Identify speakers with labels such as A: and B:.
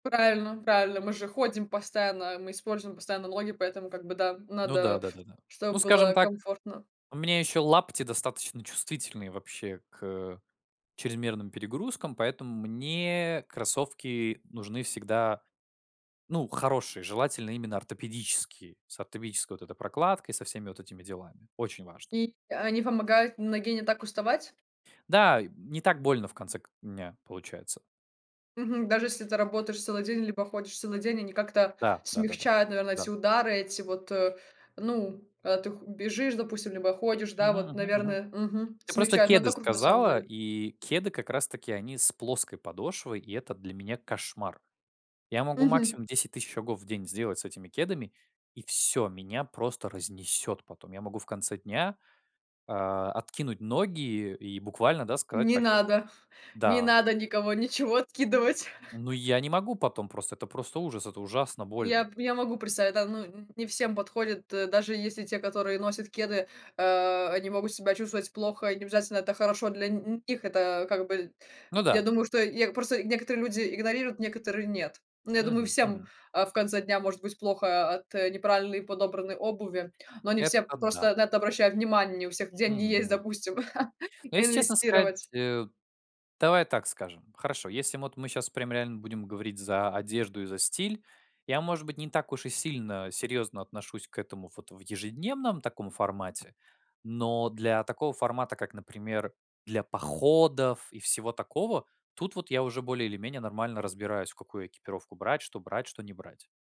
A: Правильно правильно. Мы же ходим постоянно, мы используем постоянно ноги, поэтому как бы, да,
B: Ну да,
A: надо,
B: да-да-да. Ну,
A: чтобы
B: скажем
A: было
B: так,
A: комфортно.
B: у меня еще лапти достаточно чувствительные, вообще к чрезмерным перегрузкам, поэтому мне кроссовки нужны всегда, ну, хорошие. Желательно именно ортопедические, с ортопедической вот этой прокладкой, со всеми вот этими делами. Очень важно.
A: И а, они помогают ноге н не так уставать?
B: Да, не так больно в конце к дня получается.
A: Мгм. Даже, если ты работаешь целый день либо ходишь целый день, они как-то
B: Да, да-да-да.
A: смягчают, наверно,
B: Да.
A: эти удары, эти вот, э, ну, когда ты х бежишь, допустим, либо ходишь, да,
B: Мгм
A: вот,
B: мгм мгм.
A: наверное мгм,
B: Ты просто
A: смягчают, но
B: кеды
A: это круто, на самом
B: сказала,
A: деле.
B: и кеды как раз таки они с плоской подошвой, и это для меня кошмар. Я могу
A: Мгм.
B: максимум 10 000 шагов в день сделать с этими кедами, и всё- меня просто разнесет потом. Я могу в конце дня, а, откинуть ноги и буквально, да, сказать
A: Не
B: так вот
A: надо не
B: Да.
A: надо никого ничего откидывать.
B: Ну, я не могу потом просто, это просто ужас, это ужасно больно.
A: Я п я могу представить, да, ну, нь не всем подходит, даже если те, которые носят кеды, э, они могут себя чувствовать плохо, и не обязательно это хорошо для нь них, это как бы
B: Ну
A: Я
B: да.
A: думаю, что я просто некоторые люди игнорируют, некоторые- нет. Ну, я думаю,
B: Мгм
A: всем,
B: мгм.
A: а, в конце дня может быть плохо о от, э, неправильный подобранной обуви, но не все
B: Это да.
A: просто на это обращают внимание. Не у всех деньги
B: Мгм
A: есть,
B: мгм.
A: допустим
B: Но если честно сказать,
A: инвестировать.
B: э, давай так скажем Хорошо, если мы вот мы щас прям реально будем говорить за одежду и за стиль я, может быть, не так уж и сильно серьезно отношусь к этому вот в ежедневном таком формате, но для такого формата, как, например, для походов и всего такого, тут вот я уже более или менее нормально разбираюсь, в какую экипировку брать, что брать, что не брать.